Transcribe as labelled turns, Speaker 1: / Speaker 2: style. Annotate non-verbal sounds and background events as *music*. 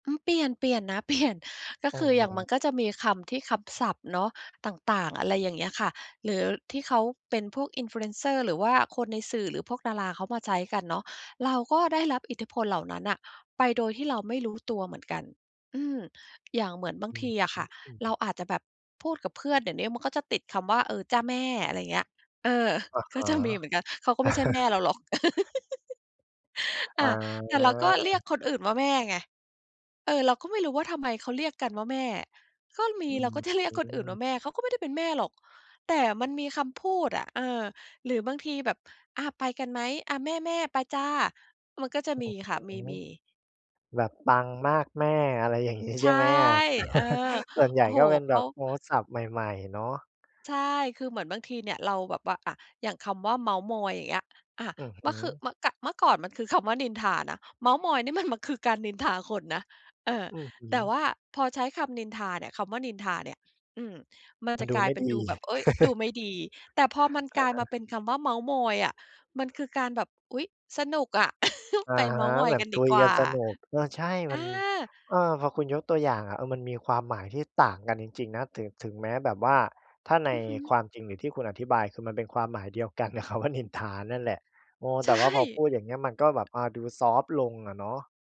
Speaker 1: อือ เปลี่ยน เปลี่ยนนะ เปลี่ยน ก็
Speaker 2: อื
Speaker 1: ค
Speaker 2: อ
Speaker 1: ือ
Speaker 2: ฮ
Speaker 1: อย่างมันก็
Speaker 2: ึ
Speaker 1: จะมีคำที่ คำศัพท์เนาะ ต่าง ๆ อะไรอย่างเงี้ยค่ะ หรือที่เขาเป็นพวก Influencer หรือว่าคนในสื่อ หรือพวกดาราเขามาใช้กันเนาะ เราก็ได้รับอิทธิพลเหล่านั้นน่ะไปโดยที่เราไม่รู้ตัวเหมือนกัน อืม อย่างเหมือนบาง
Speaker 2: อื
Speaker 1: ท
Speaker 2: อ
Speaker 1: ี
Speaker 2: ฮ
Speaker 1: อะค
Speaker 2: ึ
Speaker 1: ่ะ
Speaker 2: อื
Speaker 1: เรา
Speaker 2: ม
Speaker 1: อาจจะแบบพูดกับเพื่อน เดี๋ยวนี้มันก็จะติดคำว่า "เออ จ้ะ แม่" อะไรเงี้ย เออ
Speaker 2: อะฮ
Speaker 1: ก็จ
Speaker 2: ะ
Speaker 1: ะมีเหมือนกัน เขาก็ไม่ใช่แม่เรา
Speaker 2: *chuckles*
Speaker 1: หรอก *laughs*
Speaker 2: อ
Speaker 1: อา แต่เราก็เรีย
Speaker 2: า
Speaker 1: กคนอื่นว่าแม่ไง เออ เราก็ไม่รู้ว่าทำไมเขาเรียกกันว่าแม่ ก็ม
Speaker 2: อ
Speaker 1: ี
Speaker 2: ื
Speaker 1: เรา ก็จะ เรียกคนอื่นว
Speaker 2: ม
Speaker 1: ่าแม่ เขาก็ไม่ได้เป็นแม่หรอก แต่มันมีคำพูดอะ เออ หรือบางทีแบบ "อา ไปกันไหม? อา แม่ ๆ ไปจ้ะ" มันก็จะ
Speaker 2: อื
Speaker 1: มี
Speaker 2: อ
Speaker 1: ค
Speaker 2: ฮ
Speaker 1: ่ะ
Speaker 2: ึ
Speaker 1: มี ๆ
Speaker 2: แบบปังมากแม่ อะไร อย่างงี้
Speaker 1: ใช
Speaker 2: ใช่
Speaker 1: ่
Speaker 2: ไหมอะ
Speaker 1: เออ
Speaker 2: *chuckles* ส่วนใหญ
Speaker 1: โอ
Speaker 2: ่
Speaker 1: ้โฮ
Speaker 2: ก็เป็น
Speaker 1: เข
Speaker 2: แบ
Speaker 1: า
Speaker 2: บ โอ้ ศัพท์ใหม่ ๆ เนาะ
Speaker 1: ใช่ คือเหมือนบางทีเนี่ย เราแบบว่า อา อย่างคำว่าเม้าท์มอย อย่างเงี้ย อา
Speaker 2: อือฮึ
Speaker 1: ม คือ ม ก เมื่อก่อนมันคือคำว่านินทานะ เม้าท์มอยนี่มัน ม คือการนินทาคนนะ เออ
Speaker 2: อือฮึ
Speaker 1: แต่ว่าพอใช้คำนินทาเนี่ย คำว่านินทาเนี่ย อืม มัน
Speaker 2: มั
Speaker 1: จ
Speaker 2: น
Speaker 1: ะ
Speaker 2: ดู
Speaker 1: กลา
Speaker 2: ไม
Speaker 1: ย
Speaker 2: ่
Speaker 1: เป็
Speaker 2: ด
Speaker 1: น
Speaker 2: ี
Speaker 1: ดูแบบ เฮ้ย ดูไม่
Speaker 2: *chuckles*
Speaker 1: ดี แต่พอมัน
Speaker 2: อ
Speaker 1: กล
Speaker 2: ะ
Speaker 1: าย
Speaker 2: ฮ
Speaker 1: มา
Speaker 2: ะ
Speaker 1: เป็นคำว่าเม้าท์มอยอะ มันคือการแบบ "อุ๊ย สนุกอะ *chuckles*
Speaker 2: อ
Speaker 1: ไป
Speaker 2: ะฮ
Speaker 1: เม้า
Speaker 2: ะ
Speaker 1: ท์มอ
Speaker 2: แ
Speaker 1: ย
Speaker 2: บบ
Speaker 1: กัน
Speaker 2: ค
Speaker 1: ดี
Speaker 2: ุย
Speaker 1: กว
Speaker 2: กั
Speaker 1: ่
Speaker 2: น
Speaker 1: า"
Speaker 2: สนุก เออ ใช่ ม
Speaker 1: อ
Speaker 2: ั
Speaker 1: า
Speaker 2: น เออ พอคุณยกตัวอย่างอะ เออ มันมีความหมายที่ต่างกันจริง ๆ นะ ถึง ถึงแม้แบบว่า ถ้าใน
Speaker 1: อือฮ
Speaker 2: ค
Speaker 1: ึ
Speaker 2: วามจริง หรือที่คุณอธิบาย คือมันเป็นความหมายเดียวกัน กับคำว่านินทา นั่นแหละ โอ้
Speaker 1: ใ
Speaker 2: แ
Speaker 1: ช
Speaker 2: ต่
Speaker 1: ่
Speaker 2: ว่าพอพูดอย่างเงี้ยมันก็แบบ อา ดูซอฟต์ลงอะเนาะ